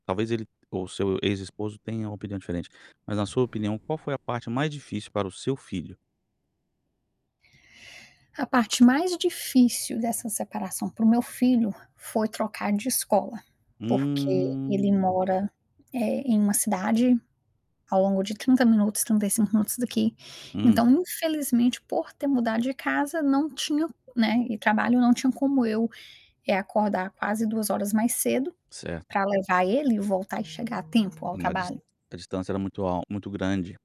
Talvez, ele o seu ex-esposo tenha uma opinião diferente, mas na sua opinião qual foi a parte mais difícil para o seu filho? A parte mais difícil dessa separação para o meu filho foi trocar de escola, porque ele Hum. mora, eh, em uma cidade, ao longo de 30 minutos, 35 minutos daqui, Hum. então infelizmente por ter mudado de casa não tinha, né, e trabalho não tinha como eu, eh, acordar quase 2 horas mais cedo, Certo. para levar ele e voltar e chegar a tempo ao Na dis trabalho. a distância era muito al muito grande.